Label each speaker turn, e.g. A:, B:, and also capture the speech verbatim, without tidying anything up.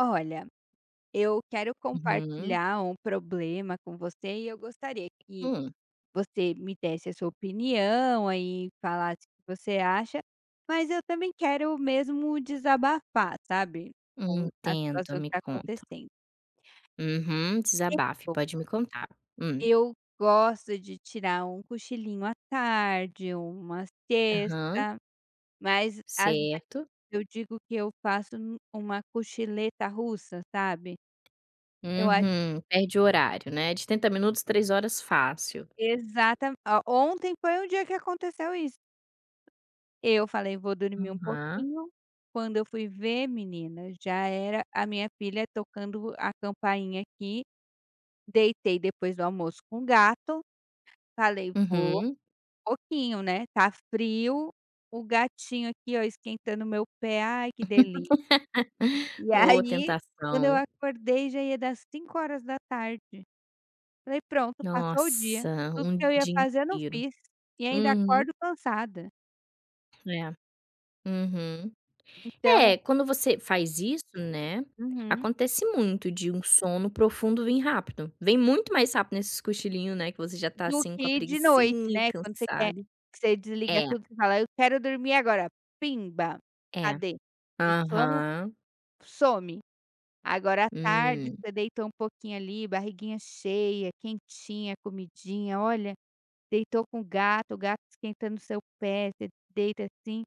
A: Olha, eu quero
B: Uhum.
A: compartilhar um problema com você, e eu gostaria que
B: Hum.
A: você me desse a sua opinião e falasse o que você acha, mas eu também quero mesmo desabafar, sabe,
B: Hum,
A: com a
B: entendo,
A: situação que
B: me
A: está
B: conta.
A: acontecendo.
B: Uhum, desabafe.
A: Eu
B: Pode me contar. Hum.
A: eu gosto de tirar um cochilinho à tarde ou uma
B: Aham.
A: siesta, mas, às vezes,
B: Certo.
A: eu digo que eu faço um uma cochileta russa, sabe. Eu a
B: Uhum, perde o horário, né: de trinta minutos, três horas fácil.
A: Exatamen ó, ontem foi um dia que aconteceu isso. Eu falei: "Vou dormir um
B: Aham.
A: pouquinho", quando eu fui ver menina, já era a minha filha tocando a campainha aqui. Deitei depois do almoço com gato, falei: "Vou
B: Uhum.
A: pouquinho, né", está frio. O gatinho aqui, ó, esquentando o meu pé, ai, que delícia. E
B: Ô,
A: aí, quando eu
B: tentação.
A: acordei, já ia dar as cinco horas da tarde. Falei: "Pronto, passou o dia".
B: Nossa,
A: Tudo que
B: um
A: eu ia
B: dia
A: fazer eu não
B: inteiro.
A: fiz e ainda
B: Uhum.
A: acordo cansada.
B: É, uhum.
A: Então
B: É, quando você faz isso, né,
A: Uhum.
B: acontece muito de um sono profundo vir rápido. Vem muito mais rápido nesses cochilinho, né, que você já está
A: Do
B: assim com a
A: que de noite,
B: preguicinha e
A: né. Quando você quer,
B: cansado.
A: que você desliga
B: É.
A: tudo, que fala: "Eu quero dormir agora, pimba",
B: É.
A: cadê? O sono
B: Aham.
A: some. Agora, à tarde,
B: Hum.
A: você deitou um pouquinho ali, barriguinha cheia, quentinha, comidinha, olha. Deitou com o gato, o gato esquentando o seu pé, você deita assim